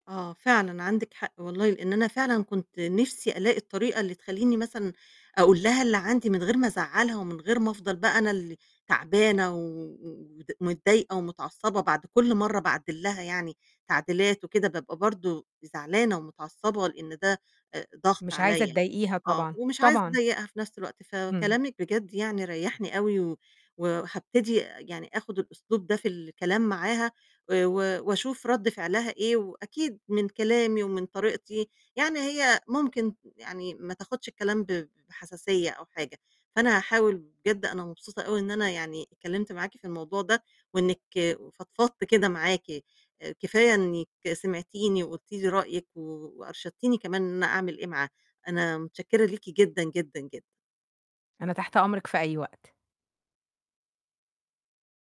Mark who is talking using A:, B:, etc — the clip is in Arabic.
A: آه فعلًا، عندِك حق والله لأن أنا فعلًا كنت نِفسي ألاقي الطريقة اللي تخلّيني مثلًا أقول لها اللي عندي من غير ما أزعلها، ومن غير ما أفضل بقى أنا اللي تعبانة و و ود متضايقة ومتعصبة بعد كُل مرّة باعدِّل لها يعني تعديلات وكده، بابقى برضو زعلانة ومتعصبة لأن ده آآ ضغط
B: مش عايزة
A: عليَّ.
B: تضايقيها
A: آه.
B: طبعًا،
A: ومش عايزة
B: طبعًا.
A: أضايقها في نفس الوقت،
B: إمم.
A: فكلامِك بجد يعني ريَّحني أوي و وهابتدي يعني آخد الأسلوب ده في الكلام معاها، آآ و و وأشوف رد فعلها إيه، وأكيد من كلامي ومن طريقتي يعني هي ممكن يعني ما تاخدش الكلام ب بحساسية أو حاجة، فأنا هاحاول بجد أنا مبسوطة أوي إن أنا يعني اتكلمت معاكِ في الموضوع ده، وإنِك فضفضت كده معاكِ، آآ كفاية إنِك سمعتيني وقُلتِ لي رأيِك و وأرشدتيني كمان إن أنا أعمل إيه معاها. أنا متشكرة ليكِ جدًا جدًا جدًا.
B: أنا تحت أمرِك في أي وقت.